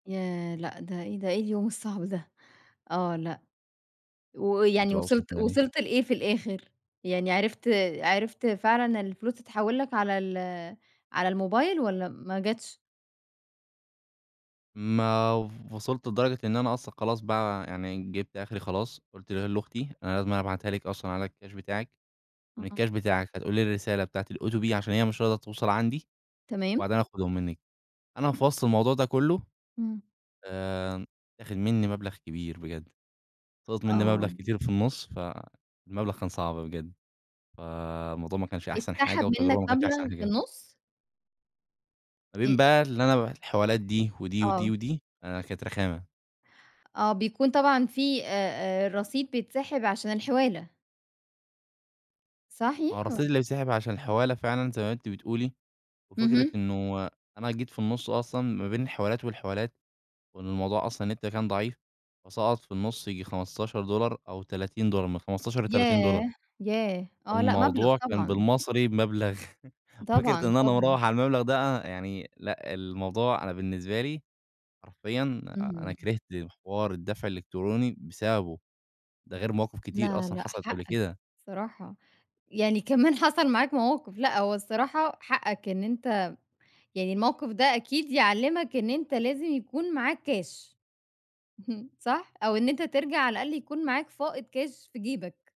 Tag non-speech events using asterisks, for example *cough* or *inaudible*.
ياه! لأ، ده إيه ده؟ إيه اليوم الصعب ده؟! آه. لأ، شُفتِ ويعني بقى واصل وصلت كده ليه؟ وصلت لإيه في الآخر؟ يعني عرفت عرفت فعلًا الفلوس تتحول لَك على ال على الموبايل والّا ما جاتش؟ ما و وصلت لدرجة إن أنا أصلًا خلاص بقى يعني جبت آخري خلاص، قُلت ل لأختي: "أنا لازمًا أبعتها لِك أصلًا على الكاش بتاعِك من آه. الكاش بتاعِك فتقولي لي الرسالة بتاعة الOTP عشان هي مش راضية توصل عندي، تمام. وبعدها هآخدهم منِك." أنا في وسط الموضوع ده كلّه امم. آآ، اتاخد منّي مبلغ كبير بجد، سقط منّي مبلغ آه. كتير في النص، فالمبلغ كان صعب بجد. فالموضوع ما كانش أحسن حاجة اتسحب منك والتجربة ما كانتش أحسن مبلغ في حاجة. النص؟ ما إ بين بقى اللي أنا ابعت الحوالات دي ودي، ودي، آه. ودي آآ، كانت رخامة. آه، بيكون طبعًا فيه آآ، آآ، رصيد بيتسحب عشان الحوالة؟ ما هو صحيح الرصيد وال اللي بيتسحب عشان الحوالة فعلًا زي ما أنتِ بتقولي، وفكرة اهم. إنه أنا جيت في النص أصلًا ما بين الحوالات والحوالات، وإن الموضوع أصلًا النت كان ضعيف، وأسقّط في النص ييجي 15$ أو 30$ من 15 ل30$. ياه! ياه! آه، لأ، مبلغ الموضوع كان طبعًا. بالمصري بمبلغ *chuckles* فكرة طبعًا، إن أنا طبعًا. مروح على المبلغ ده يعني، لأ، الموضوع أنا بالنسبة لي، حرفيًا أنا اهم. كرهت حوار الدفع الإلكتروني بسببه. ده غير مواقف كتير لا أصلًا لأ، حصلِت قبل حقك كده. الصراحة. يعني كمان حصل معاك مواقف لأ، هو الصراحة حقك إن أنت يعني الموقف ده أكيد يعلمك إن أنت لازم يكون معاك كاش، *chuckles* صح؟ أو إن أنت ترجع على الأقل يكون معاك فائض كاش في جيبك.